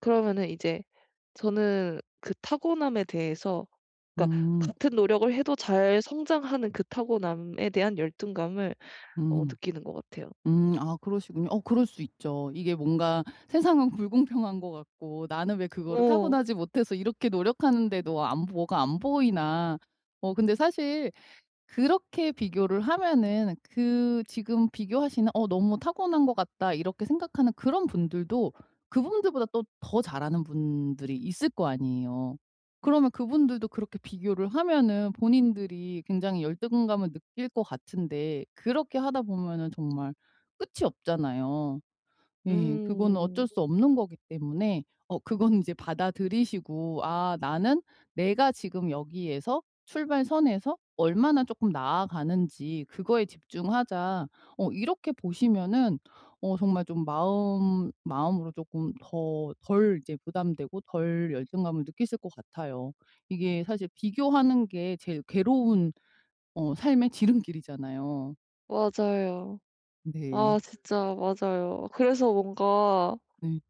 그러면은 이제 저는 그 타고남에 대해서 그니까 음. 같은 노력을 해도 잘 성장하는 그 타고남에 대한 열등감을 어 음. 느끼는 것 같아요. 음 아 그러시군요. 어 그럴 수 있죠. 이게 뭔가 세상은 불공평한 것 같고 '나는 왜 그거를 어. 타고나지 못해서 이렇게 노력하는데도 안 보 뭐가 안 보이나?' 어 근데 사실 그렇게 비교를 하면은 그 지금 비교하시는 '어 너무 타고난 것 같다.' 이렇게 생각하는 그런 분들도 그분들보다 더 잘하는 분들이 있을 거 아니에요. 그러면 그분들도 그렇게 비교를 하면은 본인들이 굉장히 열등감을 느낄 것 같은데 그렇게 하다 보면은 정말 끝이 없잖아요. 예. 그거는 어쩔 음. 수 없는 거기 때문에 어 그건 인제 받아들이시고 '아 나는 내가 지금 여기에서 출발선에서 얼마나 쪼끔 나아가는지 그거에 집중하자.' 어 이렇게 보시면은 어 정말 좀 마음 마음으로 쪼끔 더 덜 이제 부담되고 덜 열등감을 느끼실 것 같아요. 이게 사실 비교하는 게 제일 괴로운 어 삶의 지름길이잖아요. 맞아요. 네. 아 진짜. 맞아요. 그래서 뭔가 네.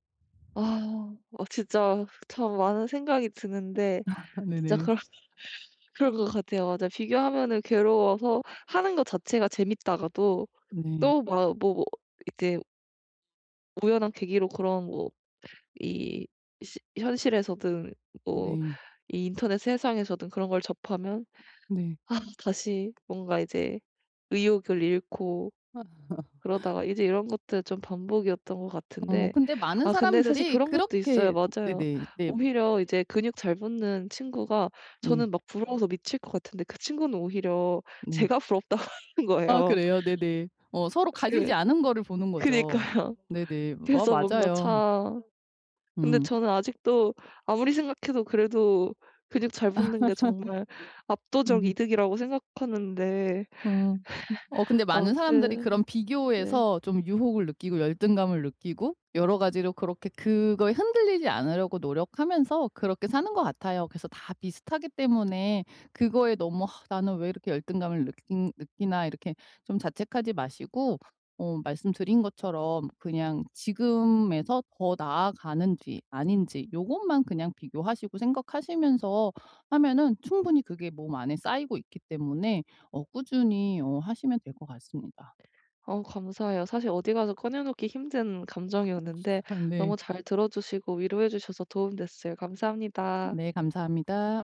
아. 어 진짜 참 많은 생각이 드는데 아 진짜 네네. 그럴 그럴 것 같아요. 맞아요. 비교하면은 괴로워서 하는 거 자체가 재밌다가도 네. 또 막 뭐 이제 우연한 계기로 그런 뭐 이 시 현실에서든 뭐 네. 이 인터넷 세상에서든 그런 걸 접하면 네. 아 다시 뭔가 이제 의욕을 잃고 그러다가 이제 이런 것들 좀 반복이었던 것 어. 같은데 근데 많은 아 근데 사실 사람들이 그런 것도 있어요. 그렇게 맞아요. 네네 네 음. 오히려 이제 근육 잘 붙는 친구가 네. 저는 막 부러워서 미칠 것 같은데 그 친구는 오히려 네. 제가 부럽다고 하는 아 거예요. 그래요. 네네. 어. 서로 어 가지지 예. 않은 거를 보는 거죠. 그니까요. 네네. 어 그래서 뭔가 맞아요. 참. 근데 음. 저는 아직도 아무리 생각해도 그래도 근육 잘 붙는 게 정말 압도적 음. 이득이라고 생각하는데 음. 어 근데 많은 사람들이 아무튼. 그런 네. 비교에서 좀 유혹을 느끼고 열등감을 느끼고 여러 가지로 그렇게 그거에 흔들리지 않으려고 노력하면서 그렇게 사는 것 같아요. 그래서 다 비슷하기 때문에 그거에 너무 '아 나는 왜 이렇게 열등감을 느끼 느끼나.' 이렇게 좀 자책하지 마시고 어 말씀드린 것처럼 그냥 지금에서 더 나아가는지 아닌지 요것만 그냥 비교하시고 생각하시면서 하면은 충분히 그게 몸 안에 쌓이고 있기 때문에 어 꾸준히 어 하시면 될 것 같습니다. 어. 감사해요. 사실 어디 가서 꺼내 놓기 힘든 감정이었는데 네. 너무 잘 들어 주시고 위로해 주셔서 도움 됐어요. 감사합니다. 네 감사합니다.